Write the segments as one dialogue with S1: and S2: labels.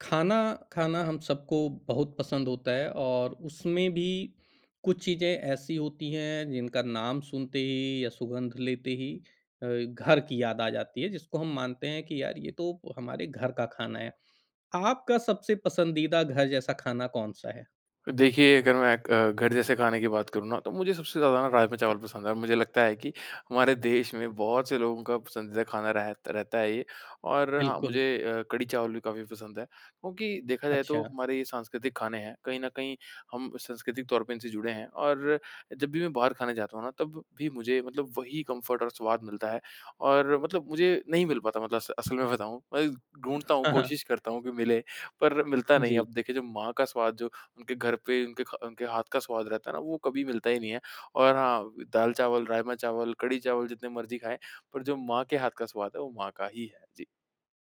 S1: खाना, खाना हम सबको बहुत पसंद होता है और उसमें भी कुछ चीज़ें ऐसी होती हैं, जिनका नाम सुनते ही या सुगंध लेते ही अ, घर की याद आ जाती है, जिसको हम मानते हैं कि यार, ये तो हमारे घर का खाना है। आपका सबसे पसंदीदा घर जैसा खाना कौन-सा है?
S2: देखिए, अगर मैं क अ, घर जैसे खाने की बात करूँ ना, तो मुझे सबसे ज़्यादा ना राजमा चावल पसंद है और मुझे लगता है कि हमारे देश में बहुत से लोगों का पसंदीदा खाना रह रहता है ये। और हाँ,
S1: बिल्कुल।
S2: मुझे अ, कढ़ी चावल भी काफ़ी पसंद है, क्योंकि देखा जाए तो
S1: अच्छा।
S2: हमारे ये सांस्कृतिक खाने हैं, कहीं न कहीं हम सांस्कृतिक तौर पर इनसे जुड़े हैं और जब भी मैं बाहर खाने जाता हूँ ना, तब भी मुझे मतलब वही कम्फ़र्ट और स्वाद मिलता है। और मतलब मुझे नहीं मिल पाता मतलब अस असल में बताऊँ, अय ढूँढ़ता हूँ, कोशिश करता हूँ, कि मिले पर मिलता नहीं है।
S1: जी।
S2: अब देखिए, जब माँ का स्वाद जो, उनके घर पे, उनके खा उनके हाथ का स्वाद रहता है ना, वो कभी मिलता ही नहीं है, और हाँ, दाल-चावल, राजमा-चावल, कढ़ी-चावल जितने मर्ज़ी खाएँ, पर जो माँ के हाथ का स्वाद है, वो माँ का ही है। जी।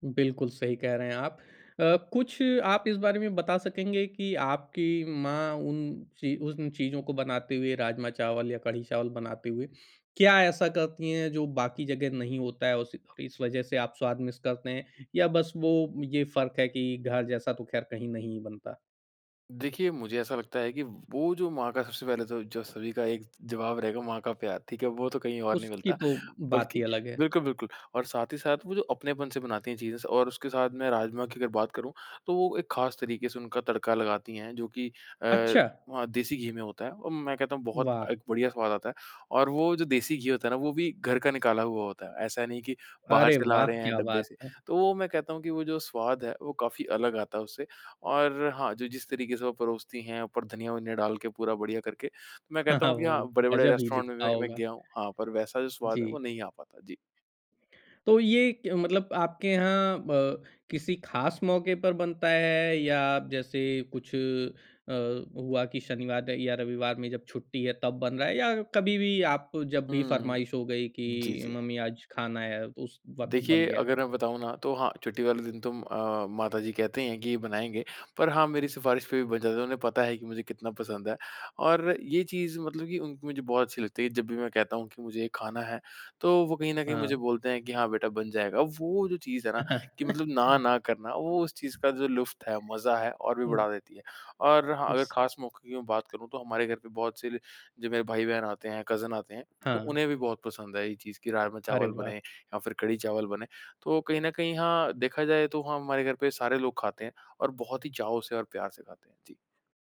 S1: बिल्कुल, सही कह रहे हैं आप। अ, कुछ आप इस बारे में बता सकेंगे कि आपकी माँ उन चीज़ उन चीज़ों को बनाते हुए, राजमा चावल या कढ़ी-चावल बनाते हुए, क्या ऐसा करती हैं, जो बाकी जगह नहीं होता है, उस इस वज़ह से आप स्वाद मिस करते हैं? या बस वो ये फ़र्क है कि घर जैसा तो ख़ैर कहीं नहीं ही बनता?
S2: देखिए, मुझे ऐसा लगता है कि वो जो माँ का सबसे पहले तो जो सभी का एक जवाब रहेगा, माँ का प्यार, ठीक है? वो तो कहीं और नहीं
S1: उसकी
S2: मिलता,
S1: तो, बात
S2: बल्कि
S1: ही अलग है।
S2: बिल्कुल, बिल्कुल। और साथ ही साथ वो जो अपनेपन से बनाती हैं चीज़ें स और उसके साथ मैं राजमा की अगर बात करूँ, तो वो एक ख़ास तरीके से उनका तड़का लगाती हैं, जो कि अ,
S1: अच्छा।
S2: वहाँ देसी घी में होता है। और मैं कहता हूँ बहुत
S1: वाह!
S2: अ, बढ़िया स्वाद आता है, और वो जो देसी घी होता है ना, वो भी घर का निकाला हुआ होता है, ऐसा नहीं कि बाहर
S1: अरे
S2: से ला
S1: वाह!
S2: रहे हैं,
S1: क्या
S2: डब्बे
S1: बात
S2: से।
S1: है।
S2: तो वो मैं कहता हूँ कि वो जो स्वाद है, वो काफ़ी अलग आता है उससे और हाँ, जो जिस तरीके से वो परोसती है, ऊपर धनिया-वनिया डाल के पूरा बढ़िया करके। तो मैं कहता हूँ कि
S1: वो,
S2: हाँ, बड़े-बड़े
S1: गजब ही
S2: रेस्टोरेंट में,
S1: लिखता
S2: मैं मैं
S1: होगा।
S2: गया हूँ, हाँ, पर वैसा जो स्वाद है
S1: जी।
S2: वो नहीं आ पाता। जी।
S1: तो ये क मतलब आपके यहाँ ब किसी ख़ास मौके पर बनता है या जैसे कुछ अ, हुआ कि शनिवार र या रविवार में जब छुट्टी है, तब बन रहा है? या कभी-भी आप जब भी
S2: हुँ,
S1: फरमाइश हो गई,
S2: जी,
S1: कि
S2: जी।
S1: मम्मी आज खाना है, उस वक़्त
S2: देखिए,
S1: बन गया।
S2: अगर मैं बताऊँ ना, तो हाँ, छुट्टी वाले दिन तुम अ, माता जी कहती हैं कि ये बनाएँगे, पर हाँ, मेरी सिफारिश पे भी बन जाता है, उन्हें पता है कि मुझे कितना पसंद है। और ये चीज़ मतलब कि उनकी मुझे बहुत अच्छी लगती है, जब भी मैं कहता हूँ, कि मुझे ये खाना है, तो वो कहीं न कहीं मुझे
S1: हाँ।
S2: बोलते हैं, कि हाँ, बेटा बन जाएगा। वो जो चीज़ है ना, कि मतलब ना ना करना, वो उस चीज़ का जो लुफ्त है, मज़ा है और भी
S1: हुँ।
S2: बढ़ा देती है। और हाँ, अगर
S1: इस
S2: ख़ास मौकों की मैं बात करूँ, तो हमारे घर पे बहुत से ल जो मेरे भाई बहन आते हैं, कज़िन आते हैं, तो
S1: हाँ।
S2: उन्हें भी बहुत पसंद है ये चीज़, कि
S1: अरे
S2: राजमा-चावल बने
S1: वाह!
S2: या फिर कढ़ी-चावल बने। तो कहीं न कहीं हाँ, देखा जाए तो हाँ, हमारे घर पे सारे लोग खाते हैं और बहुत ही चाव से और प्यार से खाते हैं। जी।